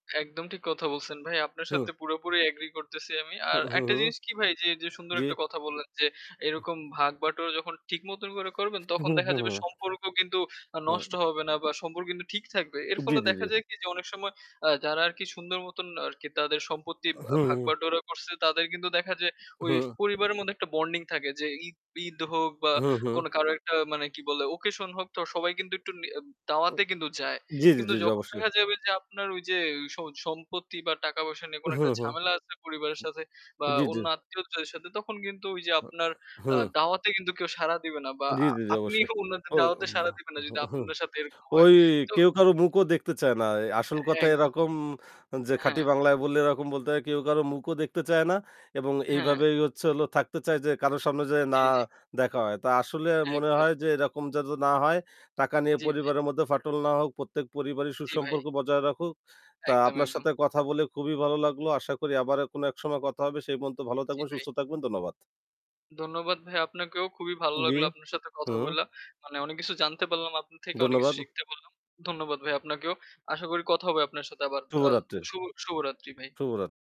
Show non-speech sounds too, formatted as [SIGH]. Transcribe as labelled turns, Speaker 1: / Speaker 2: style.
Speaker 1: একদম ঠিক কথা বলছেন, ভাই, আপনার সাথে
Speaker 2: হুম।
Speaker 1: পুরোপুরি এগ্রি করতেছি আমি। আর
Speaker 2: হুম, হুম,
Speaker 1: একটা
Speaker 2: হুম।
Speaker 1: জিনিস কি ভাই যে যে সুন্দর
Speaker 2: জি।
Speaker 1: একটা কথা বললেন, যে,
Speaker 2: [UNINTELLIGIBLE]
Speaker 1: এরকম ভাগ বাটোয়ারা যখন ঠিকমতন করে করবেন তখন দেখা যাবে
Speaker 2: [UNINTELLIGIBLE]
Speaker 1: সম্পর্ক কিন্তু আ
Speaker 2: হুম।
Speaker 1: নষ্ট হবে না বা সম্পর্ক কিন্তু ঠিক থাকবে। এর
Speaker 2: জি,
Speaker 1: ফলে
Speaker 2: জি,
Speaker 1: দেখা
Speaker 2: জি।
Speaker 1: যায় কি যে অনেক সময় আ যারা আর কি সুন্দর মতন আর কি তাদের সম্পত্তির
Speaker 2: অ
Speaker 1: আ
Speaker 2: হুম।
Speaker 1: ভাগবাটোয়ারা করছে তাদের কিন্তু দেখা যায় ওই
Speaker 2: হুম।
Speaker 1: পরিবারের মধ্যে একটা বন্ডিং থাকে যে ঈদ ঈদ হোক বা
Speaker 2: হুম, হুম।
Speaker 1: কোন কারো একটা মানে কি বলে ওকেশন হোক তো সবাই কিন্তু একটু নি
Speaker 2: উ
Speaker 1: দাওয়াতে কিন্তু যায়।
Speaker 2: জি, জি,
Speaker 1: কিন্তু
Speaker 2: জি, জি।
Speaker 1: যখন
Speaker 2: অবশ্যই।
Speaker 1: দেখা যাবে যে আপনার ওই যে স সম্পত্তি বা টাকা-পয়সা নিয়ে কোন
Speaker 2: উম
Speaker 1: একটা
Speaker 2: হুম, হুম।
Speaker 1: ঝামেলা আছে পরিবারের সাথে বা
Speaker 2: জি, জি।
Speaker 1: অন্য আত্মীয়দের সাথে তখন কিন্তু ওই যে আপনার
Speaker 2: [UNINTELLIGIBLE]
Speaker 1: আ
Speaker 2: হুম।
Speaker 1: দাওয়াতে কিন্তু কেউ সাড়া দিবে না বা
Speaker 2: জি, জি, জি। অবশ্যই।
Speaker 1: আপনিও অন্যদের দাওয়াতে সাড়া
Speaker 2: [UNINTELLIGIBLE]
Speaker 1: দিবেন না যদি
Speaker 2: হুম।
Speaker 1: আপনাদের সাথে এরকম হয়।
Speaker 2: ওই
Speaker 1: তো
Speaker 2: কেউ কারো মুখও দেখতে চায় না। অ্যা আসল কথা
Speaker 1: [UNINTELLIGIBLE]
Speaker 2: এরকম যে
Speaker 1: অ্যা হ্যাঁ।
Speaker 2: খাঁটি বাংলায় বললে এরকম বলতে হয়, কেউ কারো মুখও দেখতে চায় না এবং
Speaker 1: হ্যাঁ।
Speaker 2: এইভাবেই হচ্ছে হলো থাকতে চায় যে কারো সামনে যেয়ে
Speaker 1: জি,
Speaker 2: না
Speaker 1: জি।
Speaker 2: দেখা হয়। তা আসলে মনে
Speaker 1: একদম।
Speaker 2: হয় যে এরকম যেন না হয়। টাকা নিয়ে
Speaker 1: জি, ভাই।
Speaker 2: পরিবারের মধ্যে ফাটল না হোক। প্রত্যেক পরিবারই
Speaker 1: জি, ভাই।
Speaker 2: সুসম্পর্ক বজায় রাখুক। তা
Speaker 1: একদম,
Speaker 2: আপনার
Speaker 1: একদম।
Speaker 2: সাথে কথা বলে খুবই ভালো লাগলো। আশা করি আবার এক কোন এক সময় কথা হবে। সেই পর্যন্ত ভালো
Speaker 1: জি,
Speaker 2: থাকবেন,
Speaker 1: ভাই।
Speaker 2: সুস্থ থাকবেন। ধন্যবাদ।
Speaker 1: ধন্যবাদ ভাইয়া আপনাকেও। খুবই ভালো
Speaker 2: জি।
Speaker 1: লাগলো আপনার সাথে কথা
Speaker 2: হুম।
Speaker 1: বলে। মানে অনেক কিছু জানতে পারলাম আপনার থেকে, অনেক কিছু
Speaker 2: ধন্যবাদ।
Speaker 1: শিখতে পারলাম। ধন্যবাদ ভাই আপনাকেও। আশা করি কথা হবে আপনার সাথে আবার। আ
Speaker 2: শুভরাত্রির।
Speaker 1: শুভ শুভরাত্রি ভাই।
Speaker 2: শুভরাত